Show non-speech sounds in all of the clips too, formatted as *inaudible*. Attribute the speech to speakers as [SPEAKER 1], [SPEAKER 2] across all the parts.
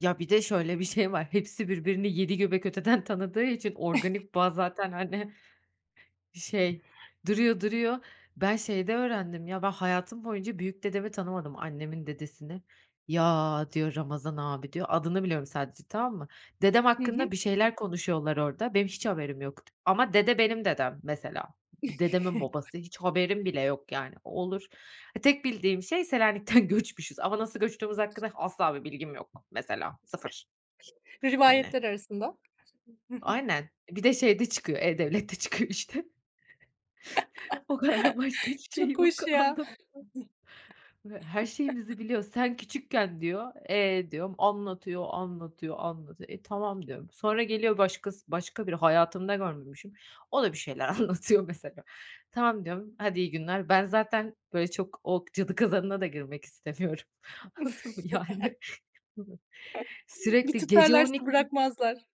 [SPEAKER 1] Ya, bir de şöyle bir şey var, hepsi birbirini yedi göbek öteden tanıdığı için, organik bağ
[SPEAKER 2] *chuckles*
[SPEAKER 1] zaten hani şey, duruyor duruyor. Ben şeyde öğrendim ya: Ben hayatım boyunca büyük dedemi tanımadım, annemin dedesini. "Ya" diyor, "Ramazan abi" diyor. Adını biliyorum sadece, tamam mı? Dedem
[SPEAKER 2] Hı hı.
[SPEAKER 1] hakkında bir şeyler konuşuyorlar orada, benim hiç haberim yok. Ama dede benim dedem, mesela. D dedemin
[SPEAKER 2] *chuckles*
[SPEAKER 1] babası, hiç haberim bile yok yani, o olur. Ha tek bildiğim şey Selanik'ten göçmüşüz ama nasıl göçtüğümüz hakkında asla bir bilgim yok, mesela, sıfır. Hani.
[SPEAKER 2] Rivayetler arasında. *chuckles*
[SPEAKER 1] Aynen. E, bir de şeyde çıkıyor, e-Devlet'te çıkıyor işte. *chuckles* O kadar başka
[SPEAKER 2] *chuckles*
[SPEAKER 1] hiçbir şey
[SPEAKER 2] Çok
[SPEAKER 1] yok,
[SPEAKER 2] hoş ya.
[SPEAKER 1] anlatacağım. Ve her
[SPEAKER 2] *chuckles*
[SPEAKER 1] şeyimizi biliyor. "Sen küçükken" diyor, "eee," diyorum, anlatıyor, anlatıyor, anlatıyor... "E tamam" diyorum. Sonra geliyor başkası, başka biri hayatımda görmemişim. O da bir şeyler anlatıyor mesela. "Tamam" diyorum, "hadi iyi günler." Ben zaten böyle çok o cadı kazanına da girmek istemiyorum. Anladın mı?
[SPEAKER 2] *chuckles*
[SPEAKER 1] Yani...
[SPEAKER 2] *chuckles* Bir
[SPEAKER 1] Sürekli gece on
[SPEAKER 2] tutarlarsa
[SPEAKER 1] ikide
[SPEAKER 2] bırakmazlar.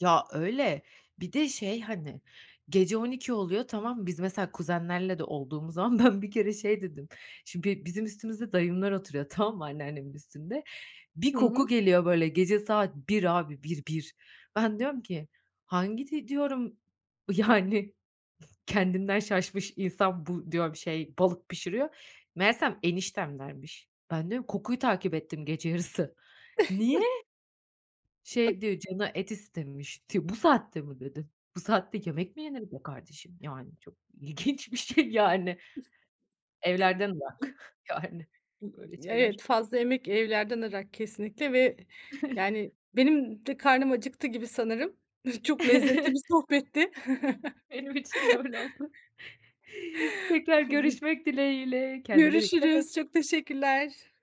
[SPEAKER 1] Ya, öyle. Bir de, şey, hani, gece 00.00 oluyor, tamam mı? Biz mesela kuzenlerle de olduğumuz zaman ben bir kere şey dedim, şimdi be bizim üstümüzde dayımlar oturuyor tamam mı? Anneannemin üstünde. Bir
[SPEAKER 2] Hı
[SPEAKER 1] koku
[SPEAKER 2] hı.
[SPEAKER 1] geliyor böyle gece saat 01.00 abi, 1 1! Ben diyorum ki, hangi de diyorum, yani kendinden şaşmış insan bu diyorum şey, balık pişiriyor. Meğersem eniştemlermiş. Ben diyorum: Kokuyu takip ettim gece yarısı. Niye?
[SPEAKER 2] *chuckles*
[SPEAKER 1] Şey diyor, canı et istemişti. "Bu saatte mi?" dedim. Bu saatte yemek mi yener be kardeşim? Yani çok ilginç bir şey yani. Evlerden ırak *chuckles* yani. Böyle şeyler...
[SPEAKER 2] Evet, fazla yemek evlerden ırak, kesinlikle ve yani
[SPEAKER 1] *chuckles*
[SPEAKER 2] benim de karnım acıktı gibi sanırım. Çok
[SPEAKER 1] *chuckles* Hı
[SPEAKER 2] lezzetli
[SPEAKER 1] hı.
[SPEAKER 2] bir sohbetti. *chuckles*
[SPEAKER 1] Benim için de öyle oldu. Tekrar görüşmek dileğiyle, kendine dikkat et.
[SPEAKER 2] Görüşürüz, çok teşekkürler.